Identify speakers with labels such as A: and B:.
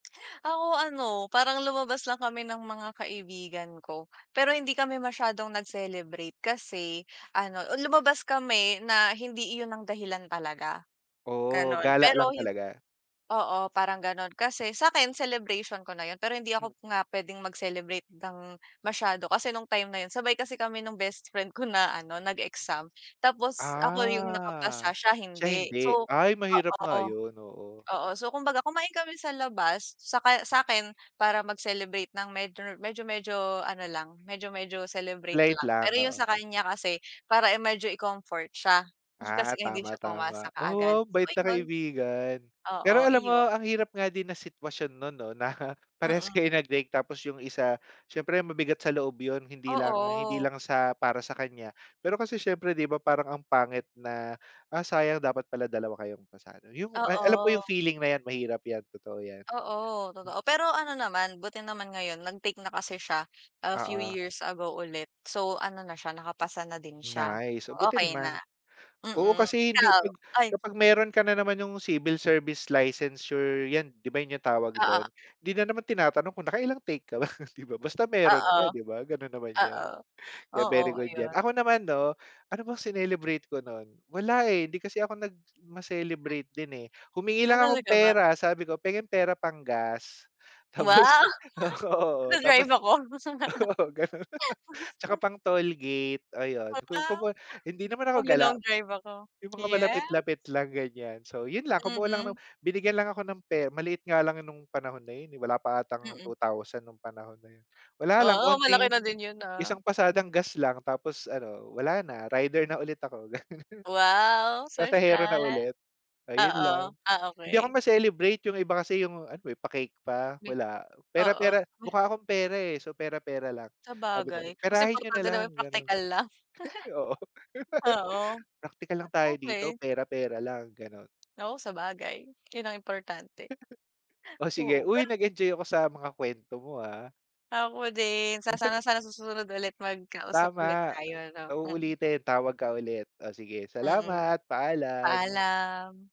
A: Ako ano, parang lumabas lang kami ng mga kaibigan ko. Pero hindi kami masyadong nag-celebrate kasi ano, ah, lumabas kami na hindi iyon ang dahilan talaga.
B: Oo,
A: Gano'n.
B: gala lang
A: Pero yun
B: talaga.
A: Oo, parang gano'n. Kasi sa'kin celebration ko na 'yon pero hindi
B: Mm.
A: ako nga puwedeng mag-celebrate ng masyado kasi nung time na 'yon sabay kasi kami ng bestfriend ko, na ano, nag-exam tapos ako yung
B: Ah,
A: nakapasa, siya
B: siya
A: hindi.
B: hindi.
A: So
B: Ay, mahirap nga
A: oo.
B: yun, oo.
A: Oo. So, kumbaga kumain kami sa labas, saka sa akin para mag-celebrate ng medyo medyo-medyo ano lang, medyo-medyo celebrate
B: Late
A: lang. Pero
B: lang,
A: yung
B: oo.
A: sa kanya kasi, para i medyo i-comfort siya, eh
B: Ah,
A: kasi nga hindi siya pumasa
B: tama-tama,
A: kaagad.
B: oh,
A: So,
B: bait na
A: ayun.
B: kaibigan.
A: Oo,
B: Pero alam mo,
A: iyon.
B: ang hirap nga din na sitwasyon non, 'no, na parehas
A: Mm.
B: kayo nag-break. Tapos yung isa siyempre mabigat sa loob yun, hindi lang hindi
A: Oo.
B: lang sa para sa kanya. Pero kasi siyempre 'di ba parang ang pangit na, ah, sayang, dapat pala 2 kayong pasado, yung, ah, alam ko yung
A: Oo.
B: feeling na yan. Mahirap yan, totoo yan.
A: Oo, totoo. Pero ano naman, buti naman ngayon nag-take na kasi siya, a few
B: Oo.
A: years ago ulit. So, ano na siya, nakapasa na din siya,
B: Nice, oh buti
A: okey na.
B: naman. Oo,
A: Mm.
B: kasi di hindi
A: Ikaw?
B: 'pag kapag meron ka na naman yung civil service licensure yan, 'di ba, yun yung tawag
A: Oo.
B: dun. Hindi na naman tinatanong kung nakailang take ka ba, 'di ba? Basta meron ka
A: Oo.
B: 'di ba ,ganun naman yan,
A: Oo,
B: kaya
A: oo,
B: very good yan.
A: ayun.
B: Ako naman 'no, ano bang sinelebrate ko nun, wala eh hindi kasi ako nag ma-celebrate din eh. Humingi
A: Ah,
B: lang akong
A: talaga ba?
B: pera, sabi ko, "Penge pera pang-gas," tapos
A: Wow!
B: oo, tapos.
A: Nagda-drive ako.
B: Oo, gano'n. Tsaka pang-toll gate, ayon,
A: Aba.
B: kumbaga hindi naman ako gala.
A: Maglo-long drive ako,
B: Yung mga
A: yes.
B: malapit-lapit lang ganiyan. So, yun lang, kumuha lang ng
A: Mm.
B: binigyan lang ako ng pera, maliit nga lang nung panahon na yun eh. Wala pa 'atang
A: Mm.
B: 2,000 nung panahon na yun. Wala lang
A: Oo, malaki
B: onting
A: na din yun ah.
B: isang pasadang gas lang tapos ano, wala na rider na ulit ako.
A: Wow,
B: Pasahero na
A: sosyal.
B: ulit, ayun lang.
A: Oo. Ah,
B: Hindi ako
A: okey.
B: ma-celebrate, yung iba kasi yung ano eh, pa-cake pa.
A: Hmm.
B: Wala,
A: Oo.
B: pera-pera
A: Maya.
B: mukha akong pera eh. So, pera-pera lang sabi ko
A: Sabagay mas
B: perahin niyo na
A: importante naman
B: lang
A: yung
B: gano'n.
A: praktikal lang.
B: Oo.
A: Oo.
B: Praktikal lang tayo dito,
A: Okey.
B: pera pera lang, gano'n.
A: Oh, sabagay, yun ang importante.
B: Oh, sige,
A: Oo,
B: uy,
A: pero
B: nag-enjoy ako sa mga kwento mo ah.
A: Ako din sa sana sana susunod ulit mag-kausap ulit
B: Tama,
A: tayo, 'no?
B: sa
A: Mm.
B: uulitin. Tawag ka ulit. Oh sige.
A: Mm.
B: Salamat. Paalam.
A: Paalam.